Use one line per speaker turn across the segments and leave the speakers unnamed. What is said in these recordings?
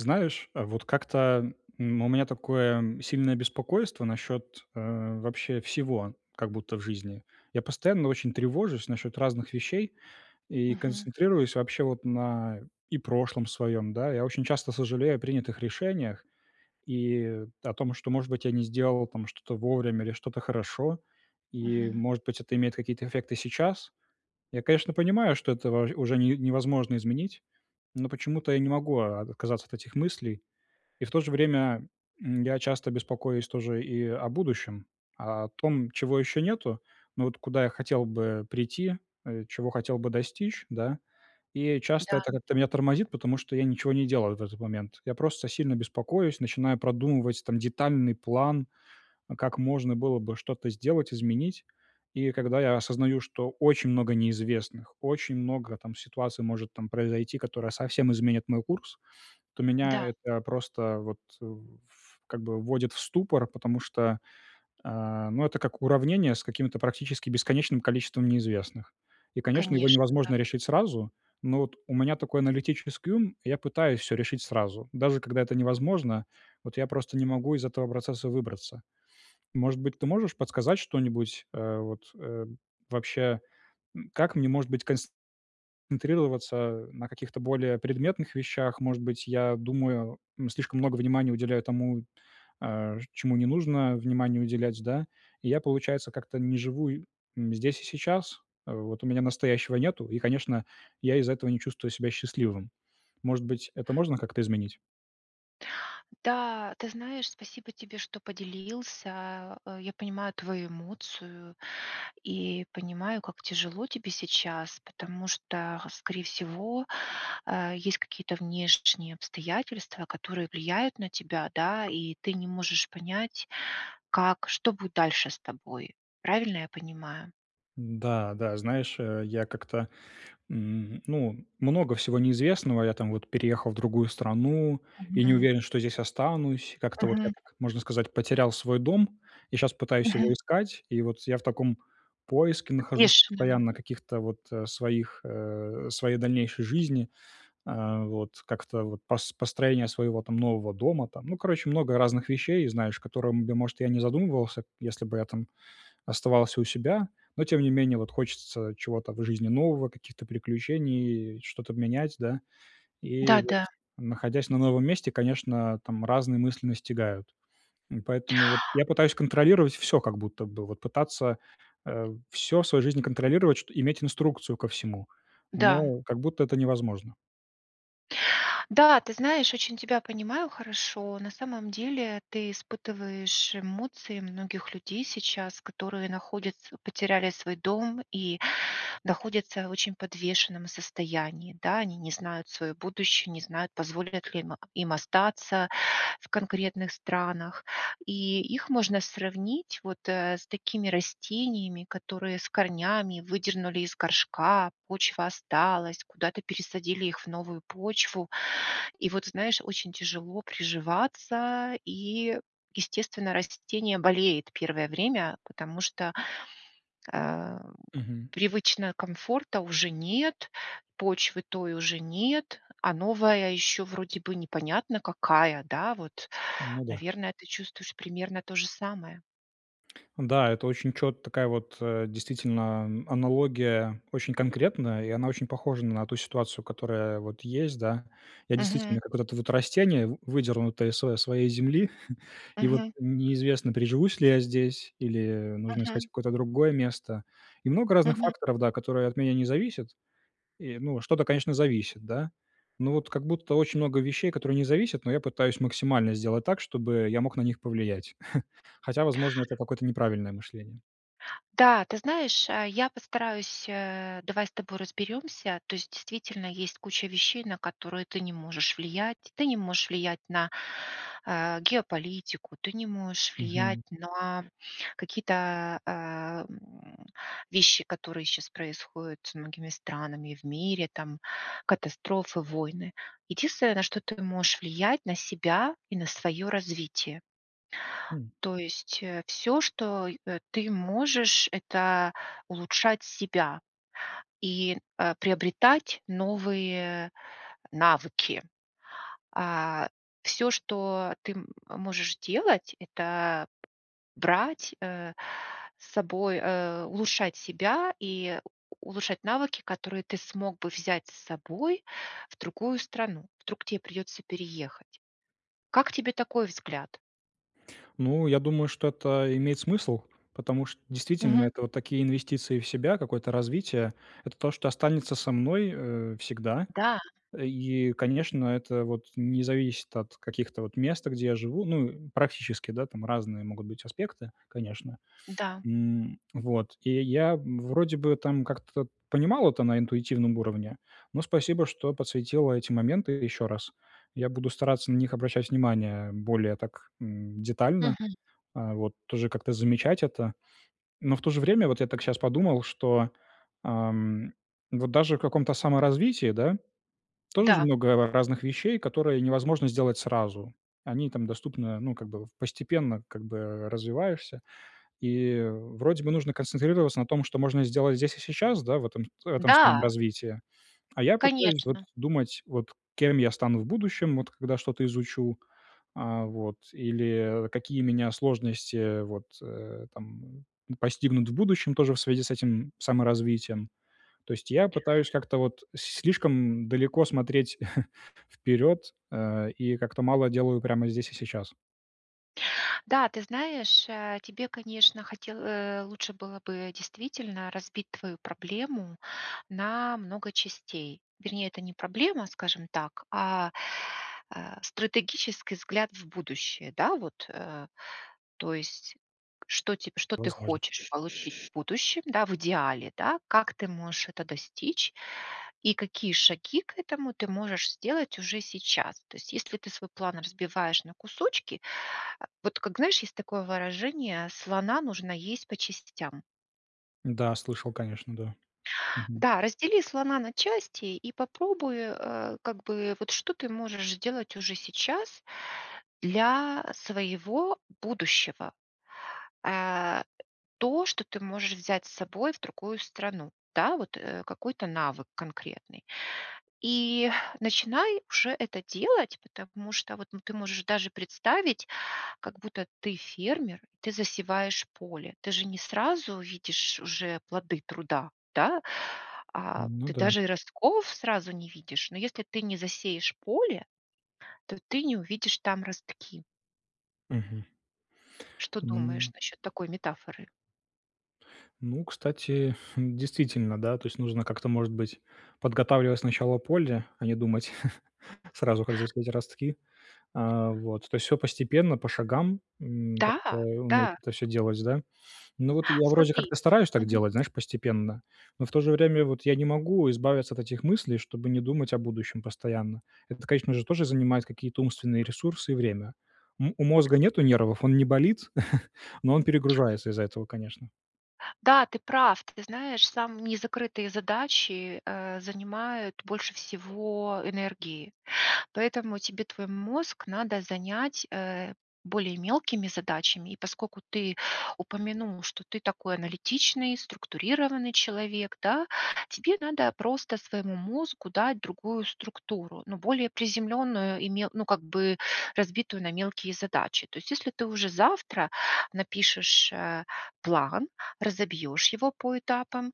Знаешь, э, вот как-то, м, у меня такое сильное беспокойство насчет, э, вообще всего как будто в жизни. Я постоянно очень тревожусь насчет разных вещей и
Мгм.
концентрируюсь вообще вот на, э, и прошлом своём, да. Я очень часто сожалею о принятых решениях и о том, что, может быть, я не сделал там что-то вовремя или что-то хорошо. И,
Мгм.
может быть, это имеет какие-то эффекты сейчас. Я, конечно, понимаю, что это во уже не невозможно изменить, но почему-то я не могу о о отказаться от этих мыслей. И в то же время, м, я часто беспокоюсь тоже и о будущем. О том, чего еще нету, но вот куда я хотел бы прийти, э, чего хотел бы достичь, да. И, э, часто
Да.
это как-то меня тормозит, потому что я ничего не делаю вот в этот момент. Я просто сильно беспокоюсь, начинаю продумывать там детальный план, э, как можно было бы что-то сделать, изменить. И когда я осознаю, что очень много неизвестных, очень много там ситуация может там произойти, которая совсем изменит мой курс, то
Да.
меня это просто вот в ф как бы вводит в ступор, потому что, э, ну это как уравнение с какими-то практически бесконечным количеством неизвестных. И конечно, его
Конечно, да.
невозможно решить сразу, но вот у меня такой аналитический ум и я пытаюсь всё решить сразу. Даже когда это невозможно, вот я просто не могу из этого процесса выбраться. Может быть, ты можешь подсказать что-нибудь? Э, вот, э, вообще, м, как мне может быть конст концентрироваться на каких-то более предметных вещах? Может быть, я думаю, м, слишком много внимания уделяю тому, э, ш чему не нужно внимания уделять, да. И я, получается, как-то не живу, и м, здесь и сейчас. В вот у меня настоящего нету, и, конечно, я из-за этого не чувствую себя счастливым. Может быть, это можно как-то изменить?
Да, ты знаешь, спасибо тебе, что поделился. Э, я понимаю твою эмоцию и понимаю, как тяжело тебе сейчас, потому что, э, скорее всего, э, есть, какие-то внеш шние обстоятельства, которые влияют на тебя, да, и ты не можешь понять, как что будет дальше с тобой. Правильно, я понимаю?
Да, да знаешь, э, я как-то, м, ну, много всего неизвестного: я там вот переехал в другую страну и не
Мгм.
уверен, что здесь останусь. Как-то вот я
Мгм.
так, можно сказать, потерял свой дом. Я щас пытаюсь
Мгм.
его искать. И вот я в таком поиске нахожусь
Конечно.
постоянно, каких-то вот, э, своих, э, своей дальнейшей жизни. Э, вот. Как-то вот пос построение своего там нового дома там. Ну, короче, много разных вещей, и, знаешь, которым, я может, я не задумывался, если бы я там оставался у себя, но, тем не менее, вот хочется чего-то в жизни нового, каких-то приключений, э, что-то менять, да. И вот,
Да-да.
находясь на новом месте, конечно, там разные мысли настигают. И поэтому вот я пытаюсь контролировать всё как будто бы. Вот пытаться, э, всё в своей жизни контролировать, чт иметь инструкцию ко всему,
Да.
но как будто это невозможно.
Да, ты знаешь, очень тебя понимаю хорошо, на самом деле ты испытываешь эмоции многих людей сейчас, которые находятся потеряли свой дом, и находятся в очень подвешенном состоянии, да, они не знают свое будущее, не знают, позволят ли им им остаться в конкретных странах. И их можно сравнить вот, э, с такими растениями, которые с корнями выдернули из горшка, почва осталась, куда-то пересадили их в новую почву. И вот, знаешь, очень тяжело приживаться и, естественно, растение болеет первое время, потому что, э,
Мгм.
привычно комфорта уже нет, почвы той уже нет, а новая ещё вроде бы непонятно какая, да, вот.
Ну да.
Наверное, ты чувствуешь примерно то же самое?
Да, это очень чет такая вот, э, действительно, аналогия очень конкретная, и она очень похожа на ту ситуацию, которая вот есть, да. Я,
Мгм.
действительно, как вот это вот растение, в выдернутое из св своей земли, и вот
Мгм.
неизвестно, приживусь ли я здесь, или нужно искать
Мгм.
какое-то другое место. И много разных
Мгм.
факторов, да, которые от меня не зависят. И, ну, что-то, конечно, зависит, да, ну вот как будто очень много вещей, которые не зависят, но я пытаюсь максимально сделать так, чтобы я мог на них повлиять. Хотя, возможно, это какое-то неправильное мышление.
Да, ты знаешь, э, я постараюсь, э давай с тобой разберемся, то есть действительно есть куча вещей, на которые ты не можешь влиять: ты не можешь влиять на, э, геополитику, ты не можешь влиять
Мгм.
на какие-то, э, м, вещи, которые щас происходят со многими странами, в мире там, катастрофы, войны. Единственное, на что ты можешь влиять- на себя и на своё развитие.
М.
То есть, э, всё, что, и э, ты можешь- это улучшать себя и, э, приобретать новые навыки. А, всё, что ты м э, можешь делат- это брать, э, с собой, э, улучшать себя и у улучшать навыки, которые ты смог бы взять с собой в другую страну. Вдруг тебе придется переехать. Как тебе такой взгляд?
Ну, я думаю, что это имеет смысл. Потому что действительно
Мгм.
это вот такие инвестиции в себя, какое-то развитие. Это то, что останется со мной, э, всегда,
Да.
и, конечно, это вот не зависит от каких-то вот мест, где я живу. Ну, э, практически, да, там разные могут быть аспекты, конечно.
Да.
М. Вот. И я вроде бы там как-то понимал это на интуитивном уровне, но спасибо, что подсветила эти моменты еще раз. Я буду стараться на них обращать внимание более так, м, детально,
Мгм.
а, вот тоже как-то замечать это. Но в то же время, вот я так щас подумал, что, а, м, вот даже в каком-то саморазвитии, да, тоже ж
Да.
много р разных вещей, которые невозможно сделать сразу. Они там доступны, э, ну, как бы вот постепенно, как бы, э, развиваешься. И, вроде бы, нужно концентрироваться на том, что можно сделать здесь и сейчас, да, в этом с в этом своём
Да.
развитии, а я пытаюсь вот
Конечно.
думать, вот кем я стану в будущем, вот когда что-то изучу, а, вот или, э, какие меня сложности, э, вот, э, там, ну, постигнут в будущем тоже в связи с этим саморазвитием. То есть я пытаюсь как-то вот с слишком далеко смотреть вперед, э, и как-то мало делаю прямо здесь и сейчас.
Да, ты знаешь, э, тебе, конечно, хотел э, лучше было бы действительно разбить твою проблему на много частей. Вернее, это не проблема, скажем так, а, э, стратегический взгляд в будущее, да вот, э, то есть что теб что ты
Возможно.
хочешь получить будущем, да, в идеале, да? Как ты можешь это достичь? И какие шаги к этому ты можешь сделать уже сейчас. То есть если ты свой план разбиваешь на кусочки, а, вот как знаешь, есть такое выражение: "Слона нужно есть по частям"?
Да, слышал конечно, да. Мгм.
Да, раздели слона на части и попробуй, э, как бы вот что ты можешь сделать уже сейчас для своего будущего. А, э, то, что ты можешь взять с собой в другую страну. Да вот, э, какой-то навык конкретный. И начинай уже это делать, потому что вот ну ты можешь даже представить, как будто ты фермер, ты засеваешь поле. Ты же не сразу видишь уже плоды труда, да?
Н
А
ну
ты
да.
даже и ростков сразу не видишь. Но если ты не засеешь поле, то ты не увидишь там ростки.
Мгм.
Что думаешь
М
насчет такой метафоры?
Ну, кстати, действительно да, то есть нужно как-то, может быть, подготавливать сначала поле, а не думать сразу, как засеять ростки, а, вот. То есть, всё постепенно, по шагам, м,
Да,
как-то уметь
да.
это всё делать да. Ну, вот я вроде
Смотри
как-то стараюсь так
Мгм.
делать, знаешь, постепенно, но в то же время вот я не могу избавиться от этих мыслей, чтобы не думать о будущем постоянно. Это, конечно же, тоже занимает какие-то умственные ресурсы и время. М у мозга нет нервов, он не болит, но он перегружается из-за этого, конечно.
Да, ты прав! Ты знаешь сам: не закрытые задачи, э, занимают больше всего энергии. Поэтому тебе твой мозг надо занять, э, более мелкими задачами, и, поскольку ты упомянул, что ты такой аналитичный, структурированный человек, да: тебе надо просто своему мозгу дать другую структуру, ну более приземленную, и ме ну, как бы разбитую на мелкие задачи. То есть если ты уже завтра напишешь, э, план, разобьешь его по этапам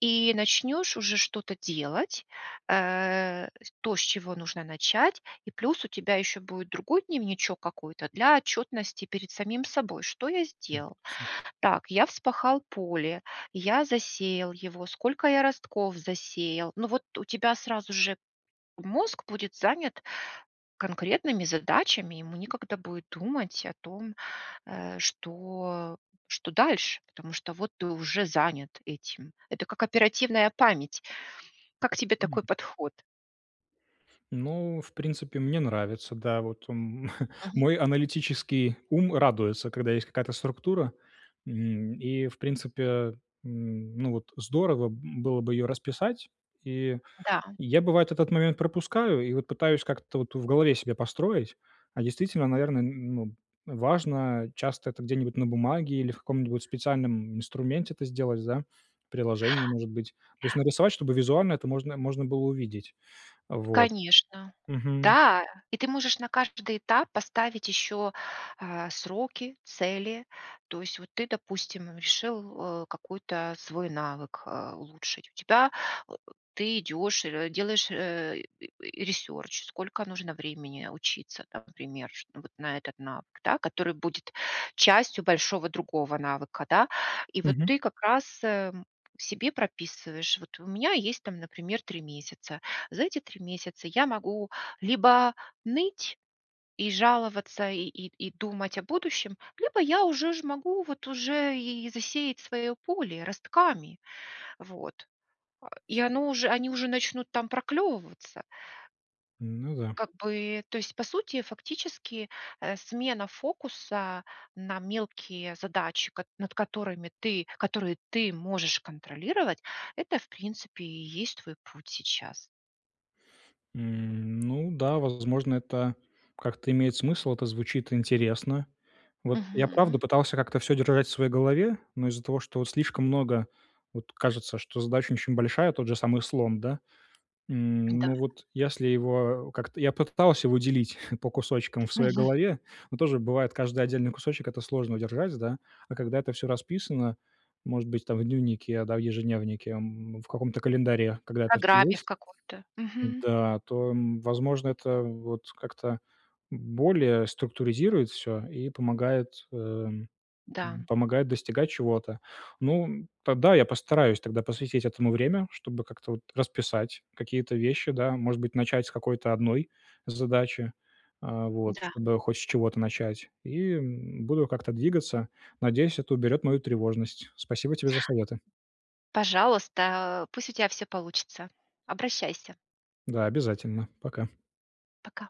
и начнешь уже что-то делать, э, с то, с чего нужно начать. И плюс у тебя еще будет другой дневничок какой-то для отчетности перед самим собой: "Что я
М,
сделал?
ясно.
Так, я вспахал поле, я засеял его, сколько я ростков засеял?" Ну вот у тебя сразу же мозг будет занят конкретными задачами, и ему некогда будет думать о том, э, что, э, что дальше, потому что вот ты уже занят этим. Это как оперативная память. Как тебе
М.
такой подход?
Ну, в принципе, мне нравится. Да вот, м.
Мгм.
Мой аналитический ум радуется, когда есть какая-то структура. М, и, в принципе, м, ну вот здорово, м, было бы ее расписать, и
Да.
я, бывает, этот момент пропускаю. И вот пытаюсь как-то вот в голове себе построить. А действительно, наверное, н ну, важно, э, часто это где-нибудь на бумаге или в каком-нибудь специальном инструменте это сделать, да, в приложение, может быть. То есть, нарисовать, чтобы визуально это можно можно было увидеть. Э, вот.
Конечно.
Мгм.
Да, и ты можешь на каждый этап поставить еще, а, сроки, цели. То есть вот ты, допустим, решил, э, какой-то свой навык, э, улучшить, у тебя, ты идешь р делаешь, э, ресерч: сколько нужно времени учиться, там например, чтоб вот на этот навык, да, который будет частью большого другого навыка, да? И вот
Мгм.
ты как раз, эм, себе прописываешь: "Вот у меня есть там, например, 3 месяца. За эти 3 месяца я могу либо ныть и жаловаться и и и думать о будущем, либо я уже ж могу вот уже и засеять своё поле ростками". Вот А, и оно уж они уже они уже начнут там проклевываться.
Ну да.
Как бы, то есть по сути, фактически, э, смена фокуса на мелкие задачи, кот над которыми ты, которые ты можешь контролировать, это, в принципе, и есть твой путь сейчас.
М. Ну да, возможно, это как-то имеет смысл, это звучит интересно. Вот я правда
Мгм.
пытался как-то всё держать в своей голове, но из-за того, что, вот слишком много, вот кажется, что задача очень большая, тот же самый слон, да. М.
Н-да.
Ну вот если его, э, как-то я попытался его делить по кусочкам в своей
Мгм.
голове, но тоже бывает, каждый отдельный кусочек это сложно удержать да. А когда это всё расписано, может быть, там в дневнике да, в ежедневнике, м, в каком-то календаре, когда
В
это всё
программе в
есть.
какой-то. Мгм.
Да, то, м, возможно, это вот как-то б более структуризирует всё и помогает, э, м,
Да, м.
помогает достигать чего-то. Ну, м, тогда я постараюсь тогда посвятить этому времени, чтобы как-то вот расписать какие-то вещи да, может быть, начать с какой-то одной задачи, э, вот
Н-да.
чтобы хоть с чего-то начать, и, м, буду как-то двигаться. Надеюсь, это уберет мою тревожность. Спасибо тебе за советы.
Пожалуйста, э, пусть у тебя всё получится! Обращайся!
Да, обязательно. Пока.
Пока.